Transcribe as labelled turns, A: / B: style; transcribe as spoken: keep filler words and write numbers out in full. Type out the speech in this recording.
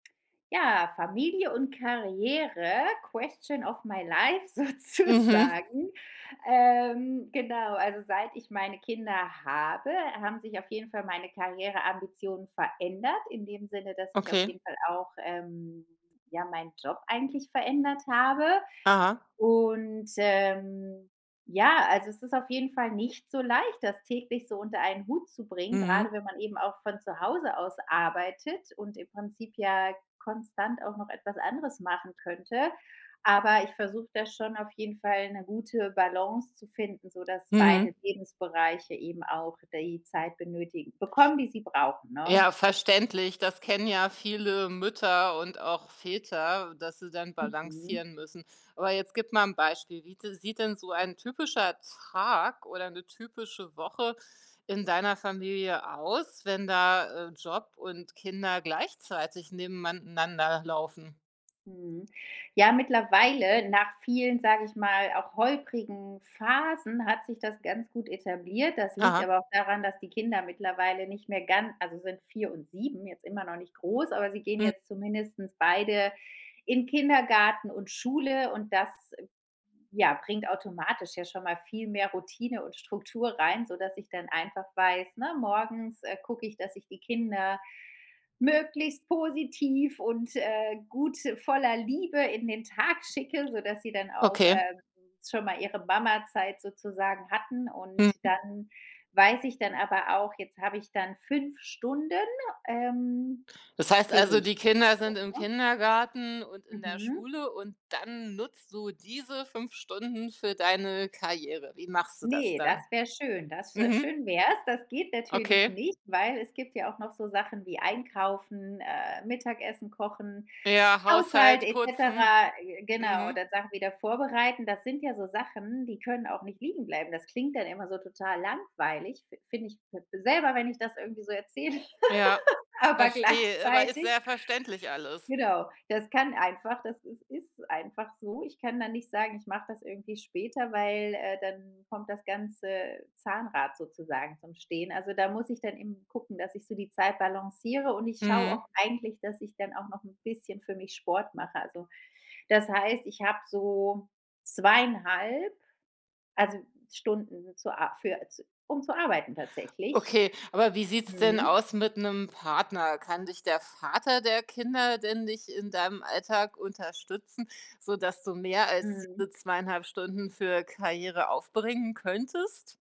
A: Ja, Familie und Karriere, question of my life
B: Mhm.
A: sozusagen, ähm, genau, also seit ich meine Kinder habe, haben sich auf jeden Fall meine Karriereambitionen verändert in dem Sinne, dass ich auf
B: Okay.
A: jeden Fall auch, ähm, ja meinen Job eigentlich verändert habe
B: Aha.
A: und, ähm, ja, also es ist auf jeden Fall nicht so leicht, das täglich so unter einen Hut zu bringen,
B: Mhm.
A: grade wenn man eben auch von zu Hause aus arbeitet und im Prinzip ja konstant auch noch etwas anderes machen könnte. Aber ich versuche da schon auf jeden Fall 'ne gute Balance zu finden, sodass beide
B: Mhm.
A: Lebensbereiche eben auch die Zeit benötigen bekommen, die sie brauchen, ne?
B: Ja verständlich, das kennen ja viele Mütter und auch Väter, dass sie dann
A: Mhm.
B: balancieren müssen. Aber jetzt gib mal 'n Beispiel, wie sieht denn so ein typischer Tag oder 'ne typische Woche in deiner Familie aus, wenn da, äh, Job und Kinder gleichzeitig nebeneinander laufen?
A: Mhm, ja, mittlerweile nach vielen, sage ich mal, auch holprigen Phasen hat sich das ganz gut etabliert. Das liegt
B: Aha.
A: aber auch daran, dass die Kinder mittlerweile nicht mehr ganz also sind vier und sieben, jetzt immer noch nicht groß, aber sie gehen
B: Hm.
A: jetzt zumindestens beide in Kindergarten und Schule und das, ja, bringt automatisch ja schon mal viel mehr Routine und Struktur rein, sodass ich dann einfach weiß, ne, morgens, äh, gucke ich, dass ich die Kinder möglichst positiv und, äh, gut, voller Liebe in den Tag schicke, sodass sie dann auch,
B: Okay.
A: ähm, schon mal ihre ‚Mama-Zeit' sozusagen hatten. Und
B: Mhm.
A: dann weiß ich dann aber auch, jetzt habe ich dann fünf Stunden, ähm,
B: Das heißt
A: für
B: also,
A: mich
B: die Kinder
A: so,
B: sind im
A: ne?
B: Kindergarten und in der
A: Mhm.
B: Schule und dann nutzt du diese fünf Stunden für deine Karriere. Wie machst du das
A: Ne, das
B: dann?
A: wär schön. Das
B: Mhm.
A: schön wär's. Das geht natürlich
B: Okay.
A: nicht, weil es gibt ja auch noch so Sachen wie Einkaufen, äh, Mittagessen kochen,
B: Ja,
A: Haushalt
B: Haushalt,
A: et
B: putzen,
A: cetera, g genau
B: mhm.
A: oder Sachen wieder vorbereiten. Das sind ja so Sachen, die können auch nicht liegen bleiben. Das klingt dann immer so total langweilig, find find ich selber, wenn ich das irgendwo so erzähle.
B: Ja,
A: Aber
B: verstehe, aber ist
A: gleichzeitig
B: sehr verständlich alles.
A: Genau. Das kann einfach das ist ist einfach so. Ich kann dann nicht sagen, ich mache das irgendwie später, weil, äh, dann kommt das ganze Zahnrad sozusagen zum Stehen. Also, da muss ich dann eben gucken, dass ich so die Zeit balanciere und ich schaue
B: Mhm.
A: auch eigentlich, dass ich dann auch noch 'n bisschen für mich Sport mache. Also das heißt, ich habe so zweieinhalb, also Stunden zu a für z um zu arbeiten tatsächlich,
B: Okay, aber wie sieht's denn
A: mhm.
B: aus mit 'nem Partner? Kann dich der Vater der Kinder denn nicht in deinem Alltag unterstützen, sodass du mehr als
A: Mhm.
B: diese zweieinhalb Stunden für Karriere aufbringen könntest?